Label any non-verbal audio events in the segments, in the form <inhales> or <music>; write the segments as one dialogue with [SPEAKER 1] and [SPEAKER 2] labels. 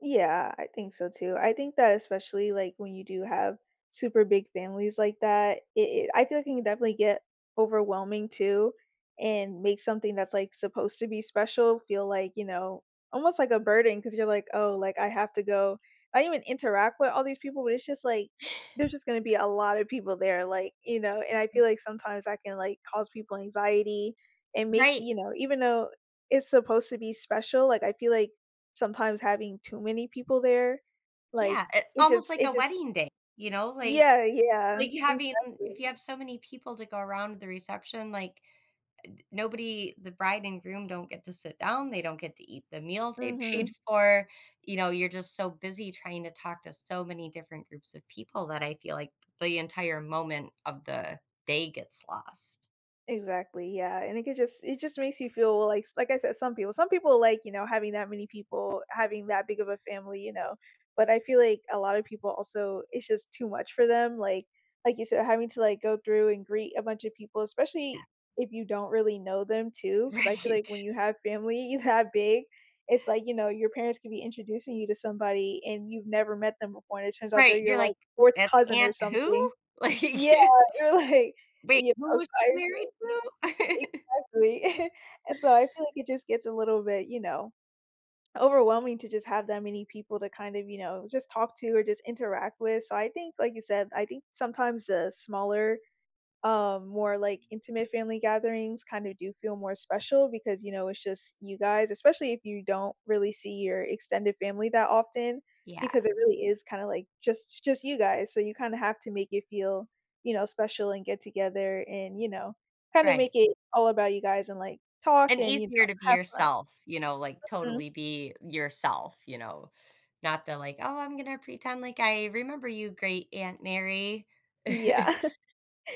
[SPEAKER 1] Yeah. I think so too. I think that especially, like, when you do have super big families like that, it it I feel like you can definitely get overwhelming too, and make something that's, like, supposed to be special feel like, you know, almost like a burden 'cause you're like, "Oh, like, I have to go." I don't even interact with all these people, but it's just, like, there's
[SPEAKER 2] <inhales>
[SPEAKER 1] just gonna to be a lot of people there, like, you know, and I feel like sometimes I can, like, cause people anxiety, and make the
[SPEAKER 2] Right.
[SPEAKER 1] you know, even though it's supposed to be special, like, I feel like sometimes having too many people there, like,
[SPEAKER 2] Yeah, it's
[SPEAKER 1] it
[SPEAKER 2] almost
[SPEAKER 1] just
[SPEAKER 2] like a
[SPEAKER 1] it just
[SPEAKER 2] wedding day, you know? Like
[SPEAKER 1] Yeah, yeah.
[SPEAKER 2] like you having if
[SPEAKER 1] Exactly.
[SPEAKER 2] you have so many people to go around the reception, like, ed nobody the bride and groom don't get to sit down, they don't get to eat the meal they paid
[SPEAKER 1] Mhm.
[SPEAKER 2] for. You know, you're just so busy trying to talk to so many different groups of people that I feel like the entire moment of the day gets lost.
[SPEAKER 1] Exactly, yeah, and it could just it just makes you feel like like I said, some people some people like, you know, having that many people, having that big of a family, you know, but I feel like a lot of people also it's just too much for them. Like like you said, having to, like, go through and greet a bunch of people, especially
[SPEAKER 2] Yeah.
[SPEAKER 1] if you don't really know them too 'cause I feel like when
[SPEAKER 2] Right.
[SPEAKER 1] you have family that big, it's like, you know, your parents can be introducing you to somebody, and you've never met them before, and it turns out they're
[SPEAKER 2] Right, you're
[SPEAKER 1] your
[SPEAKER 2] like,
[SPEAKER 1] like, 4th
[SPEAKER 2] "That's
[SPEAKER 1] cousin or
[SPEAKER 2] aunt who?"
[SPEAKER 1] something.
[SPEAKER 2] Like
[SPEAKER 1] Yeah, you're like
[SPEAKER 2] "Wait,
[SPEAKER 1] you
[SPEAKER 2] who
[SPEAKER 1] know, so
[SPEAKER 2] was she
[SPEAKER 1] I've
[SPEAKER 2] married
[SPEAKER 1] been
[SPEAKER 2] to?" <laughs>
[SPEAKER 1] exactly. <chuckles> So, I feel like it just gets a little bit, you know, overwhelming to just have that many people to kind of, you know, just talk to or just interact with. So, I think like you said, I think sometimes a smaller, um, more, like, intimate family gatherings kind of do feel more special because, you know, it's just you guys, especially if you don't really see your extended family that often because
[SPEAKER 2] Yeah.
[SPEAKER 1] it really is, kind of, like, just just you guys, so you kind of have to make it feel, you know, special, and get together, and, you know, kinda make
[SPEAKER 2] Right.
[SPEAKER 1] it all about you guys, and, like, talk
[SPEAKER 2] And
[SPEAKER 1] and, you know,
[SPEAKER 2] easier to be
[SPEAKER 1] have fun.
[SPEAKER 2] yourself, you know, like,
[SPEAKER 1] Mhm.
[SPEAKER 2] totally be yourself, you know? Not the like, "Oh, I'm gonna pretend like I remember you, great aunt Mary."
[SPEAKER 1] Yeah,
[SPEAKER 2] <chuckles>
[SPEAKER 1] <chuckles>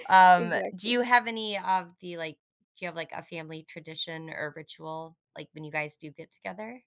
[SPEAKER 2] Um, do
[SPEAKER 1] exactly.
[SPEAKER 2] you have any of the, like do you have, like, a family tradition or ritual, like, when you guys do get together?